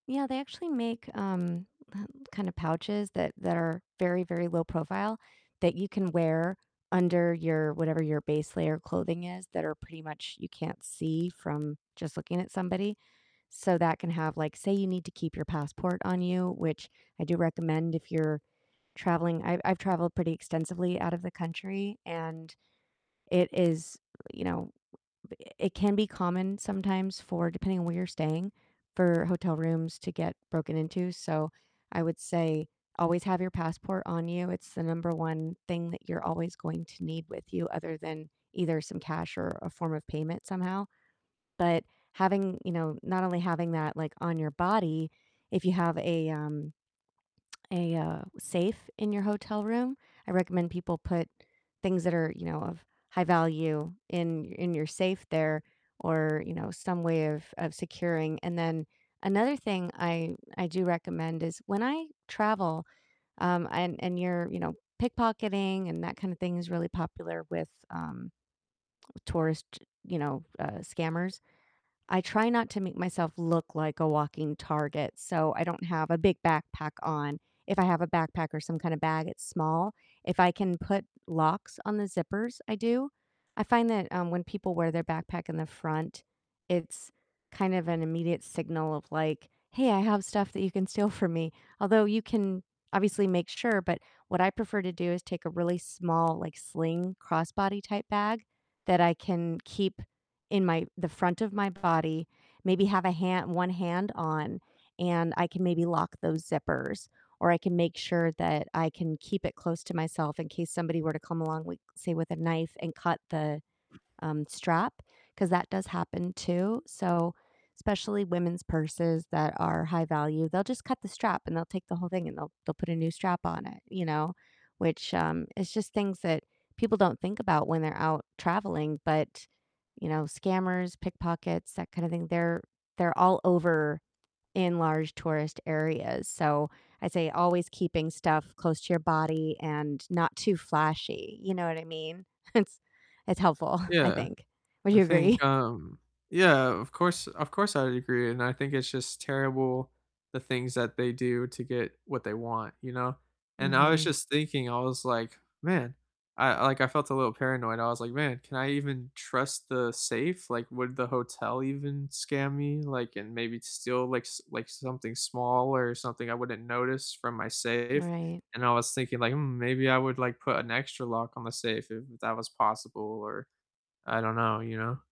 Yeah, they actually make, um, po kind of pouches that that are very, very low profile that you can wear under your whatever your base layer clothing is, that are pretty much you can't see from just looking at somebody, so, that can have, like say you need to keep your passport on you, which I do recommend if you're traveling, I've I've traveled pretty extensively out of the country, and it is, you know it can be common sometimes for depending on where you're staying, for hotel rooms to get broken into, so, I would say always have your passport on you, it's the number 1 thing that you're always going to need with you other than either some cash, or a form of payment somehow, but having you know, not only having that, like, on your body, if you have a, um a, uh, safe in your hotel room, I recommend people put things that are, you know, of high value in in your safe there or, you know, some way of of securing, and then another thing I I do recommend is when I travel, um, and and you're, you know, pickpocketing, and that kind of thing is really popular with, um, tourist, you know, uh, scammers, I try not to make myself look like a walking target, so, I don't have a big backpack on, if I have a backpack, or some kind of bag, it's small, if I can put locks on the zippers, I do, I find that, um, when people wear their backpack in the front, it's kind of an immediate signal of like, "Hey, I have stuff that you can steal from me," although you can obviously make sure, but what I prefer to do is take a really small, like, sling crossbody type bag that I can keep in my the front of my body, maybe have a hand 1 hand on, and I can maybe lock those zippers, or I can make sure that I can keep it close to myself in case somebody were to come along with, say, with a knife, and cut the, um, strap, 'cause that does happen too, so, especially women's purses that are high value, they'll just cut the strap and they'll take the whole thing, and they'll they'll put a new strap on it, you know, which, um, it's just things that people don't think about when they're out traveling, but, you know, scammers, pickpockets, that kind of thing, they're they're all over in large tourist areas, so, I'd say always keeping stuff close to your body and not too flashy, you know what I mean? It's it's helpful, I Yeah, think. Would I you agree? think, um yeah, of course of course I'd agree, and I think it's just terrible the things that they do to get what they want, you know, and I was Mhm. just thinking, I was like, "Man" I like, I felt a little paranoid, I was like, "Man, can I even trust the safe, like, would the hotel even scam me, like, and maybe steal, like, s like, something small, or something I wouldn't notice from my safe," Right. and I was thinking like, "Hmm, maybe I would like put an extra lock on the safe if that was possible," or I don't know, you know?